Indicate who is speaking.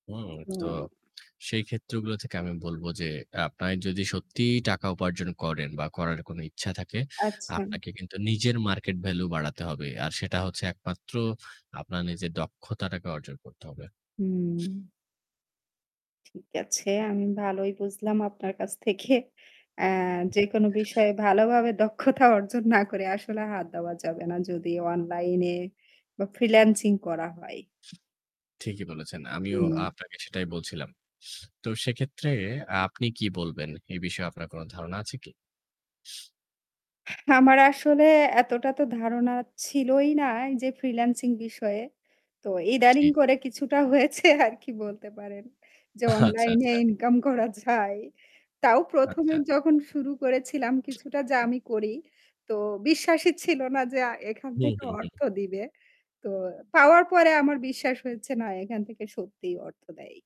Speaker 1: হুম, তো
Speaker 2: হুম।
Speaker 1: সেইক্ষেত্রগুলো থেকে আমি বলব যে আপনার যদি সত্যিই টাকা উপার্জন করেন বা করার কোন ইচ্ছা থাকে,
Speaker 2: আচ্ছা।
Speaker 1: আপনাকে কিন্তু নিজের মার্কেট ভ্যালু বাড়াতে হবে। আর সেটা হচ্ছে একমাত্র আপনার নিজের দক্ষতাটাকে অর্জন করতে হবে।
Speaker 2: হুম। ঠিক আছে। আমি ভালোই বুঝলাম আপনার কাছ থেকে অ্যা যেকোন বিষয়ে ভালোভাবে দক্ষতা অর্জন না করে আসলে হাত দেওয়া যাবে না যদি অনলাইনে বা ফ্রিল্যান্সিং করা হয়।
Speaker 1: ঠিকই বলেছেন। আমিও
Speaker 2: হুম।
Speaker 1: আপনাকে সেটাই বলছিলাম। তো সেক্ষেত্রে আ আপনি কি বলবেন? এই বিষয়ে আপনার কোন ধারণা আছে কি?
Speaker 2: আমার আসলে এতটা তো ধারণা ছিলই না এইযে ফ্রিল্যান্সিং বিষয়ে। তো
Speaker 1: জি,
Speaker 2: ইদানিং
Speaker 1: জি।
Speaker 2: করে কিছুটা হয়েছে আর কি বলতে পারেন। যে
Speaker 1: আচ্ছা,
Speaker 2: অনলাইন-এ
Speaker 1: আচ্ছা।
Speaker 2: ইনকাম করা যায়। তাও ১ম এ
Speaker 1: আচ্ছা।
Speaker 2: যখন শুরু করেছিলাম কিছুটা যা আমি করি। তো বিশ্বাসই ছিল না যে আ এখান
Speaker 1: হুম,
Speaker 2: থেকে
Speaker 1: হুম,
Speaker 2: অর্থ
Speaker 1: হুম।
Speaker 2: দিবে। তো পাওয়ার পরে আমার বিশ্বাস হয়েছে না, এখান থেকে সত্যিই অর্থ দেয়।